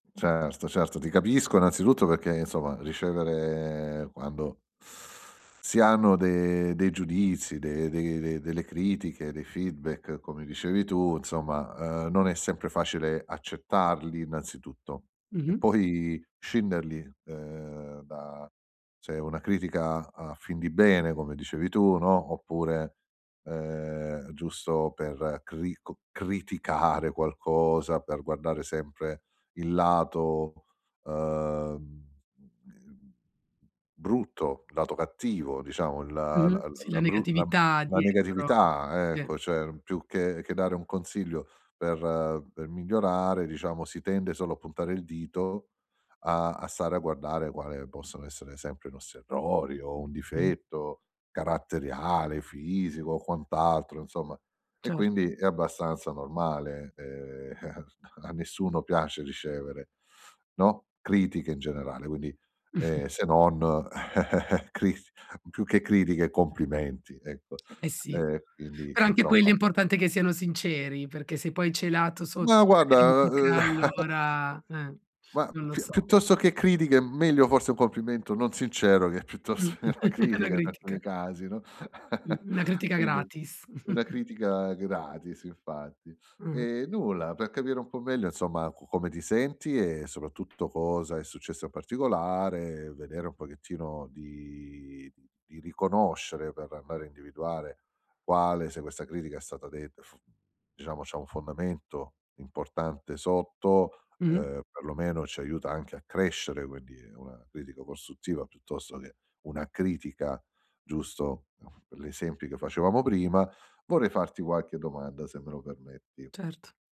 Certo, certo, ti capisco innanzitutto perché insomma ricevere quando si hanno de dei giudizi, de de delle critiche, dei feedback come dicevi tu, insomma, uhm, non è sempre facile accettarli innanzitutto e Mh-mh. poi scinderli, uhm, da se è una critica a fin di bene, come dicevi tu, no, oppure, uhm, giusto per crico criticare qualcosa, per guardare sempre il lato, uhm, ehm, b brutto, lato cattivo, diciamo il l Mh-mh. Sì, la l-la bru negatività la dietro. negatività, Sì. ecco, cioè più che che dare un consiglio per per migliorare, diciamo, si tende solo a puntare il dito a a stare a guardare, quale possono essere sempre i nostri errori o un Mh. difetto caratteriale, fisico o quant'altro insomma. E Cert quindi è abbastanza normale, ehm, a nessuno piace ricevere, no, critiche in generale, quindi, ehm, se non cri più che critiche complimenti, ecco. Eh, sì, E quindi però anche quelli è insomma importante che siano sinceri, perché se poi celato sotto Ma c'è la guarda, critica uhm, allora ehm, ma non lo piu so. piuttosto che critiche meglio forse un complimento, non sincero che Mh. piuttosto che una È una critica in critica. alcuni casi, no, Mh, una critica quindi gratis. una critica gratis infatti. Mh-mh. Ehm, nulla, per capire un po' meglio insomma co come ti senti, e soprattutto cosa è successo in particolare, vedere un pochettino di di di riconoscere, per andare a individuare quale se questa critica è stata detta, f diciamo c'ha un fondamento importante sotto, Mh. uhm, perlomeno ci aiuta anche a crescere, quindi è una critica costruttiva piuttosto che una critica, giusto? Per gli esempi che facevamo prima, vorrei farti qualche domanda se me lo permetti. Cert